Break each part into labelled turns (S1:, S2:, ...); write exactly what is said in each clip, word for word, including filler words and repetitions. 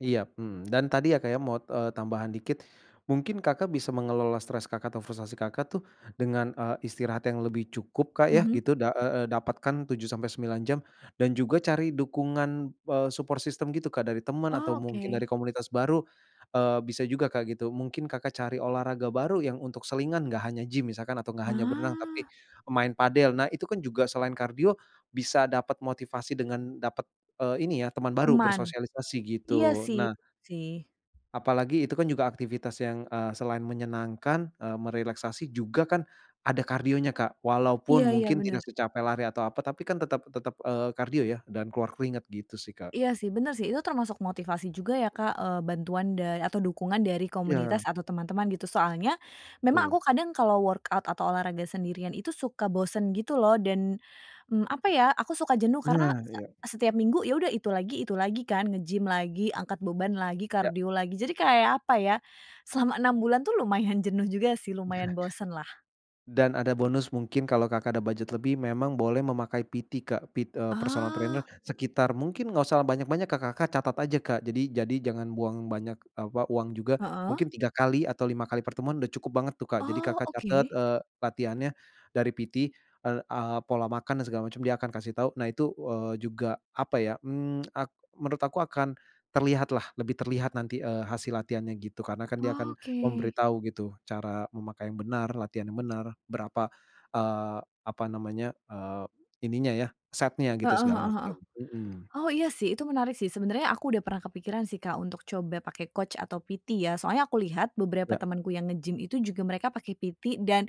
S1: Iyap, mhm, dan tadi ya, Kak, ya mau, eee, tambahan dikit, mungkin Kakak bisa mengelola stres Kakak atau frustasi Kakak, tuh dengan, eee, istirahat yang lebih cukup, Kak, ya
S2: Mhm.
S1: gitu. Da e e dapatkan tujuh sampai sembilan jam dan juga cari dukungan, eee, support system gitu, Kak, dari teman atau
S2: Oh,
S1: mungkin
S2: oke.
S1: dari komunitas baru. Eee, bisa juga, Kak, gitu. Mungkin Kakak, cari olahraga baru yang untuk selingan enggak hanya gym misalkan atau enggak hanya berenang tapi
S2: Ah.
S1: main padel. Nah, itu kan juga selain kardio bisa dapet motivasi dengan dapet, eee, ini ya, teman baru
S2: Teman?
S1: bersosialisasi
S2: Iya
S1: gitu.
S2: sih
S1: Nah
S2: [unintelligible] sih.
S1: apalagi itu kan juga aktivitas yang, eee, selain menyenangkan, eee, merelaksasi juga kan ada kardionya, Kak. Walaupun
S2: Iya iya,
S1: mungkin tidak
S2: bener.
S1: secapek lari atau apa, tapi kan tetep tetep, eee, kardio ya dan keluar keringat gitu sih, Kak.
S2: Iya sih, bener sih, itu termasuk motivasi juga ya Kak. Eee, bantuan dan atau dukungan dari
S1: Iya.
S2: komunitas atau teman-teman gitu soalnya memang aku
S1: Betul.
S2: kadang kalo workout atau olahraga sendirian itu suka bosen gitu loh dan, mmm, apa ya aku suka jenuh karena
S1: Nah,
S2: se
S1: iya.
S2: setiap minggu ya udah itu lagi itu lagi kan, nge-gym lagi, angkat beban lagi,
S1: Ya.
S2: kardio lagi, jadi kayak apa ya? Selama enam bulan tuh lumayan jenuh juga sih lumayan bosen lah.
S1: Dan ada bonus mungkin kalo, Kakak ada budget lebih memang boleh memakai PT Kak, pit eee, personal trainer.
S2: Oh.
S1: Sekitar mungkin enggak usah banyak-banyak, Kakak Kakak catat aja, Kak. Jadi jadi jangan buang banyak apa, uang juga.
S2: Heeh.
S1: Mungkin tiga kali atau lima kali pertemuan udah cukup banget tuh, Kak. Jadi,
S2: Oh,
S1: Kakak catat,
S2: oke.
S1: eee, latihannya dari PT. Eee, a pola makan dan segala macem, dia akan kasih tau. Nah itu, eee, juga apa ya, mmm, ak menurut aku akan terlihat lah lebih terlihat nanti, eee, hasil latihannya gitu karena kan dia akan
S2: Oke
S1: memberitahu gitu, cara memakai yang benar, latihan yang benar, berapa, eee, apa namanya, eee, ininya ya, setnya gitu
S2: Heeh
S1: segala
S2: heeh heeh.
S1: macam. Mhm.
S2: Oh, iya sih, itu menarik sih, sebenarnya aku udah pernah kepikiran sih, Kak, untuk coba pakai coach atau PT ya soalnya aku lihat beberapa
S1: Ya.
S2: temenku yang nge-gym itu juga mereka pake PT dan,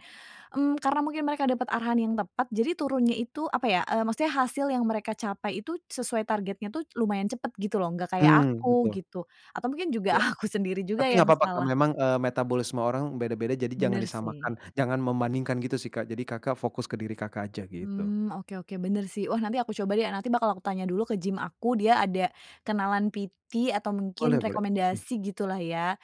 S2: mmm, karena mungkin mereka dapat arahan yang tepat jadi turunnya itu, apa ya, eee, maksudnya hasil yang mereka capai itu sesuai targetnya tuh lumayan cepet gitu loh, enggak kayak
S1: Mmm,
S2: aku
S1: betul.
S2: gitu. Atau mungkin juga
S1: Ya.
S2: aku sendiri juga
S1: Tapi
S2: yang
S1: enggak papa, Kak,
S2: salah.
S1: memang, eee, metabolisme orang beda-beda. Jadi jangan
S2: Bener
S1: disamakan.
S2: sih.
S1: Jangan membandingkan gitu sih, Kak. Jadi, Kakak, fokus ke diri Kakak, aja gitu.
S2: Mmm, oke oke, bener sih. Wah, nanti aku coba deh, nanti bakal aku tanya dulu ke gym aku, dia ada kenalan PT atau mungkin
S1: Boleh boleh. Hmm.
S2: rekomendasi gitu lah ya.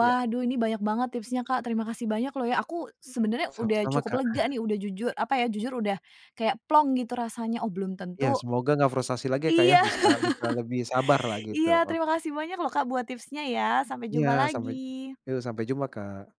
S1: Iya.
S2: duh ini banyak banget tipsnya, Kak, terima kasih banyak loh ya aku sebenernya udah
S1: Sama-sama,
S2: cukup
S1: Kak.
S2: lega nih, udah jujur, apa ya, jujur udah kayak plong gitu rasanya, oh, belum
S1: Iya,
S2: tentu
S1: semoga enggak frustasi lagi ya, Kak, ya.
S2: Iya.
S1: Bisa bisa lebih sabar lah gitu,
S2: Iya,
S1: oke.
S2: terima kasih banyak loh, Kak, buat tipsnya ya, sampai
S1: Iya,
S2: jumpa
S1: sampai
S2: lagi.
S1: yuk, sampai jumpa, Kak.